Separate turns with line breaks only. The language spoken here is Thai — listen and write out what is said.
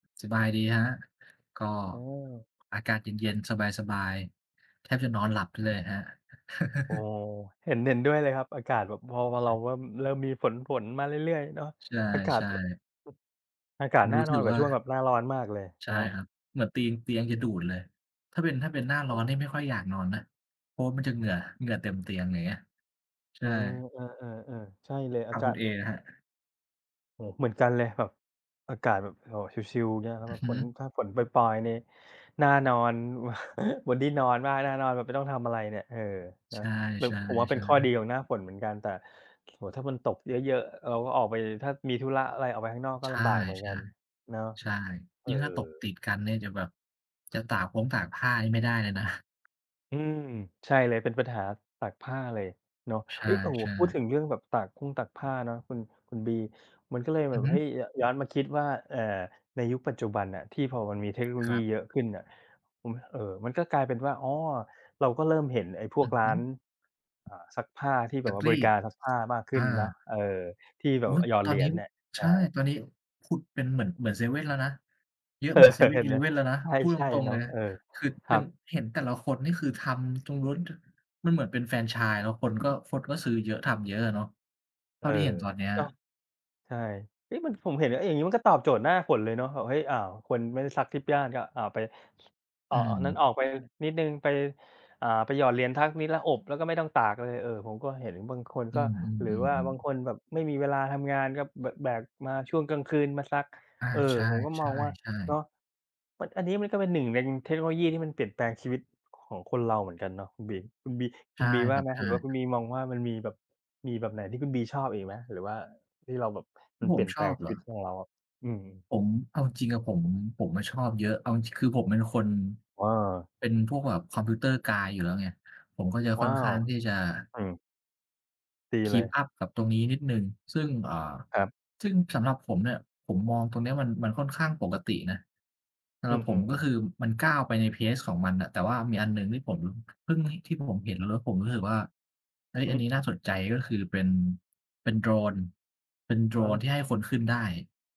สบายดีครับ ก็
อ๋อ
อากาศเย็น ๆ สบาย ๆ แทบจะนอนหลับไปเลยอะครับ
โอ้โฮ เห็น เห็นด้วยเลยครับ อากาศแบบพอ พอเ
อ
ร
ื
า
ม
ว่าเริ่มมีฝน ฝยมาเรื่อย ๆ เนาะ
ใ
อากา
ช
ศ
่
แบบ
ๆ
อากา
ค
ศ
ุณ
น่
ร
า
ู้
น
ส
อ
ึ
น
ก
กว่
ว
า
่า
ช่วงแบบหน้าร้อนมากเลย
ใช
เน
่
า
ค
ะ
รับ เหมือนตีน เตียงจะดูดเลย ถ้าเป็น ถ้าเป็น หน้า
โ
ร
อ
้อ
้โ
น
ฮ
นี่ไม่ค่อยอยากนอนนะ เพราะว่ามันจะเหงื่อ เหงื่อเต็มเตียง อย่างเงี้ย ใช
เอ
่
อ เออ ๆ ๆ ใช่เลย อา
ทาง
กา
คุ
ศ
ณเออะครับ?
โอ้โฮ เหมือนกันเลยแบบ อากาศแบบ โอ้โฮ ชิล ๆ อย่างเงี้ย แล้
อ
ว
ื
ก
อ
็
ฮึ
ฝน ถ้าฝนปอย ๆ นี่น่านอน บนที่นอนมาก น่านอนแบบไม่ต้องทำอะไรเนี่ย เออ น
ใช
ะ แบบ ผมว่าเป็น
่
ข้อดี
ๆ ๆ
ของหน้าฝนเหมือนกัน แต่ โอ้โฮ ถ้ามันตกเยอะ ๆ เราก็ออกไป ถ้ามีธุระอะไรออกไปข้างนอก ก็
ใช
ล
่
ำบากเหมือนกันเนาะ
ๆ ใช่
เอ
ย
อ
ิ่งถ้าตกติดกันเนี่ยจะแบบ จะตากพงตากผ้านี่ไม่ได้เลยนะ
อืม ใช่เลย เป็นปัญหาตากผ้าเลยเนาะ
ใช
เฮ้ย! โอ้โฮ
่
พูดถึ
ๆ
งเรื่องแบบตากพงตากผ้าเนาะ คุณ คุณบี มันก็เลยแ
อ
บ
ือ
บ
ฮึ
เฮ้ย ย ย้อนมาคิดว่า เอ่อ ในยุคปัจจุบันน่ะที่พอมันมีเทคโนโล
ค
ย
ร
ี
ับ
เยอะขึ้นน่ะ ผม เอ่อ มันก็กลายเป็นว่า อ๋อ เราก็เริ่มเห็นไอ้พ
อ
ว
ื
ก
อ
ร้
ฮ
า
ึ
น อ่า ซักผ้าที่
ซ
แบ
ั
บว่
ก
า
ร
บ
ี
ริก
ด
ารรับซักผ้ามากขึ
อ
้น
า
เนาะ เออ ที่แบ
อุ
บ
๊ย!
อา หยอด
ตอ
เหร
น
ี
นี
ย
้
ญเนี่ย ใ
ใ
ช
ช่
่
ตอนนี้ผุดเป็นเหมือน เหมือนเซเว่นแล้วนะ เยอะเหมือนเซเว่
เ
น
ห็
อ
น
ีเ
ไห
ล
ม
ฟเว่นแล้วนะ พูดต
ใช่
รง
ๆ เ
ๆ
น
เ
า
ล
ะ
ย
เออ
คือ
ค
เป
ร
็
ั
น
บ
เห็นแต่ละคนนี่คือทำตรงนู้น ต มันเหมือนเป็นแฟรนไชส์ แล้วคนก็ คนก็ซื้อเยอะ ทำเยอะอะเนาะ เท
เ
่
อ
า
อ
ที่เห็นตอนเนี้ย
เนาะ ใช่ เอ๊ะ มัน ผมเห็น เออ อย่างนี้มันก็ตอบโจทย์หน้าฝนเลยเนาะ แบบ เฮ้ย อ้าว คนไม่ได้ซักทิปย่าน ก็ อา ไป ส
อ
อ
ื
า นั้น
ม
ออกไปนิดหนึ่ง ไป อ่า ไปหยอดเหรียญทักนิดแล้วอบ แล้วก็ไม่ต้องตากเลย เออ ผมก็เห็นบางคน
อื
ก็
ม
หรือว่าบ
ๆ
าง
ๆ ๆ
คนแบบไม่มีเวลาทำงาน ก็ บ แบกมาช่วงกลางคืนมาซัก
อา
เออ
ใช
ผมก็มองว่า
่
เนา
ๆ
ะ
ๆ
มัน อันนี้มันก็เป็นหนึ่งในเทคโนโลยี ที่มันเปลี่ยนแปลงชีวิตของคนเราเหมือนกันเนาะคุณบี คุณบี
ใ
ค
ช
ุ
่
ณบีว
ค
่
ร
า
ับ
ไหม?
ใช่
หรือว่าคุณบีมองว่ามันมีแบบ มีแบบไหนที่คุณบีชอบอีกไหม หรือว่า ที่เราแบบ
ท
ม
ี
ั
่
น
ผ
เปลี
ม
่ยน
ช
แปล
อ
ง
บเ
ชี
หร
ว
อ?
ิตของเราอะ? อืม
ผม เอาจริง ๆ อะผม ผมอะชอบเยอะ เอาจริง คือผมเป็นคน
อา
เป็นพวกแบบ Computer guy อยู่แล้วไง ผมก็จะ
ว
ค่
้
อน
า
ข
ว
้างที่จะ
อืม ตีเล
Keep
ย
up กับตรงนี้นิดหนึ่ง ซึ่ง อ่า
ครับ
ซึ่งสำหรับผมเนี่ย ผมมองตรงนี้มัน มันค่อนข้างปกตินะ สำ
อื
หรับผม
ม
ก็
ๆ
คือมันก้าวไปใน pace ของมันน่ะ แต่ว่ามีอันหนึ่งที่ผม ล เพิ่ง ห ที่ผมเห็นแล้วผมรู้สึกว่า เฮ้ย!
อื
อันนี้น่
ม
าสนใจ ก็คือเป็น เป็นโดรน เป็นโดร
อ๋
นที่
อ
ให้คนขึ้นได้